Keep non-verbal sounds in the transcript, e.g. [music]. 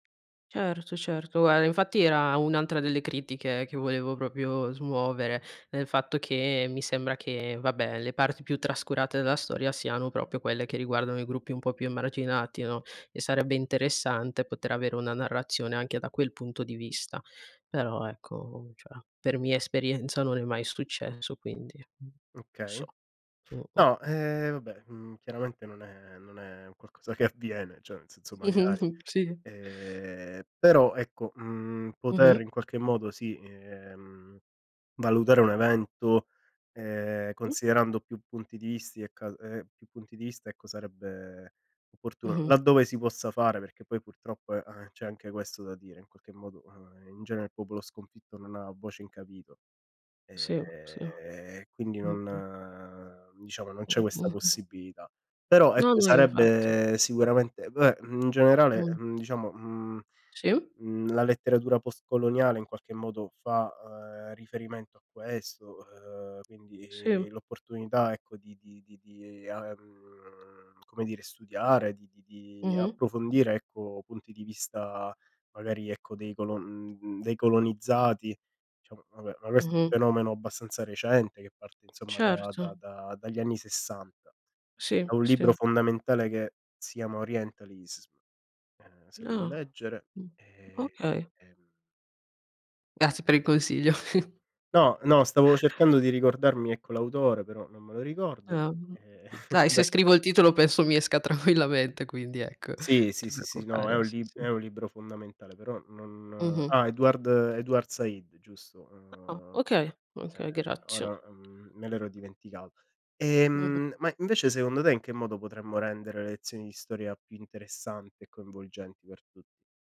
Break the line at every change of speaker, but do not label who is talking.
Certo, certo. Eh, infatti, era un'altra delle critiche che volevo proprio smuovere, il fatto che mi sembra che, vabbè, le parti più trascurate della storia siano proprio quelle che riguardano i gruppi un po' più emarginati, no, e sarebbe interessante poter avere una narrazione anche da quel punto di vista. Però, ecco, cioè, per mia esperienza non è mai successo, quindi non
Okay.
so. Mh, mh.
No, ehm, vabbè, uhm, chiaramente non è non è un qualcosa che avviene. Cioè, nel senso, magari.
[chuckles] si.
Ehm, però, ecco, uhm, poter
Mh-mh.
in qualche modo, sì, ehm, valutare un evento, ehm,
Mh.
considerando più punti di visti e cal ehm, più punti di vista, ecco, sarebbe opportuno
Mh-mh.
laddove si possa fare, perché poi, purtroppo, e, ehm, c'è anche questo da dire, in qualche modo, ehm, in genere, il popolo sconfitto non ha voce in capitolo,
Si, si.
ehm, quindi
Mh, mh.
non diciamo, non
Mh,
c'è questa
mh-mh.
possibilità. Però,
No,
ecco,
no, infatti.
sarebbe sicuramente vabbè, in generale,
Mh.
ehm, diciamo, uhm,
Si.
uhm, la letteratura post-coloniale, in qualche modo, fa ehm, riferimento a questo, ehm,
Si.
quindi l'opportunità, ecco, di di di di, ehm, come dire, studiare, di di di
Mh-mh.
approfondire, ecco, punti di vista, magari, ecco, dei colon uhm, dei colonizzati. Diciamo, vabbè, ma questo è un
Mh-mh.
fenomeno abbastanza recente che parte, insomma, da da
Certo.
da dagli anni 60.
Sì,
È un libro
sì.
fondamentale che si chiama Orientalism, ehm, se lo vuoi
Ah!
leggere,
Mh.
e e,
Okay.
ehm
Grazie per il consiglio. [chuckles]
No, no, stavo cercando di ricordarmi, ecco l'autore, però non me lo ricordo
Ah, uhm,
e, [chuckles]
dai
vabbè
se scrivo il titolo penso mi esca tranquillamente quindi, ecco, non
Sì, sì,
ti
sì, sì. No, è
preoccupare,
un
sì,
lib
sì.
è un libro fondamentale, però non
Mh-mh.
ah, Edward Edward Said, giusto.
Ah,
Ehm,
okay!
ehm,
Okay, grazie.
ora, uhm, me l'ero dimenticato.
Mh-mh.
Ehm, ma, invece, secondo te, in che modo potremmo rendere le lezioni di storia più interessanti e coinvolgenti per tutti?